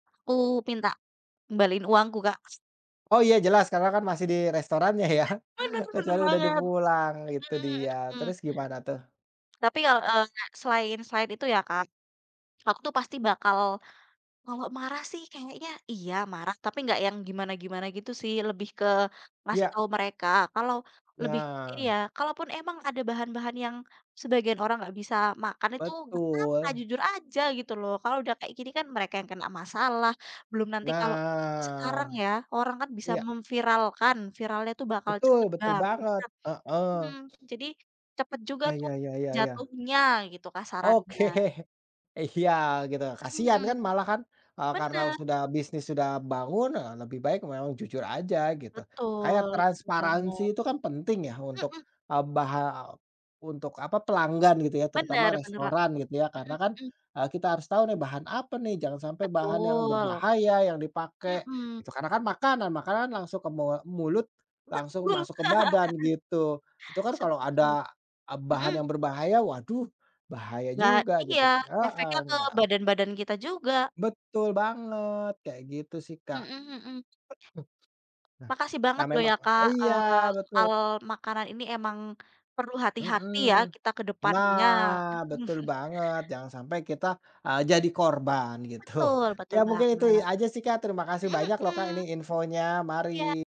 Aku minta, kembaliin uangku, Kak. Oh iya jelas, Kakak, kan masih di restorannya ya? Bener bener Kecuali udah di banget. pulang, itu Mhm dia. mhm mhm. Terus gimana tuh? Tapi ya, eee, nga selain selain itu ya, Kak, aku tuh pasti bakal kalau marah sih kayaknya iya, marah, tapi nggak yang gimana-gimana gitu sih. Lebih ke ngasih Iya. tahu mereka, kalau lebih Nah. iya, kalaupun emang ada bahan-bahan yang sebagian orang gak bisa makan itu, gak apa-apa Betul. jujur aja gitu loh. Kalau udah kayak gini kan, mereka yang kena masalah. Belum nanti kalau sekarang Nah, ya orang kan bisa iya. mem-viralkan, viralnya itu bakal cepet Betul betul banget, banget, heeh. mhm. Jadi, cepet juga Ya tuh ya ya ya. jatuhnya, gitu, kasarannya. Oke. Iya gitu, kasihan Mhm, kan malah kan, eee, karena Bener! sudah bisnis sudah bangun, eee, lebih baik memang jujur aja gitu. Kayak Betul betul transparansi banget. itu kan penting ya, untuk, Mhm. eee, baha untuk apa pelanggan gitu ya, Bener terutama bener kok. restoran gitu ya. Karena Mhm kan, mhm. eee, kita harus tahu nih, bahan apa nih? Jangan sampai bahan yang Betul. berbahaya yang dipakai, Mhm. itu karena kan makanan, makanan langsung ke mu mulut, Betul! langsung masuk ke badan gitu. Itu kan kalau Setuju, ada a bahan mhm? yang berbahaya, waduh, bahaya Ya juga iya, gitu, heeh, efeknya ke gak badan-badan kita juga. Betul banget! Kayak gitu sih, Kak. Mhm mhm. E mhm, nah Makasih nah, banget ya loh memang ya, Kak, iya, eee, betul! soal makanan ini emang perlu hati-hati ya, Mhm. kita kedepannya. Nah, betul banget jangan sampai kita, eee, jadi korban gitu. Betul Ya betul mungkin itu banget. aja sih, Kak, terima kasih Mhm banyak loh, Kak, ini mhm, infonya. Mari! iya!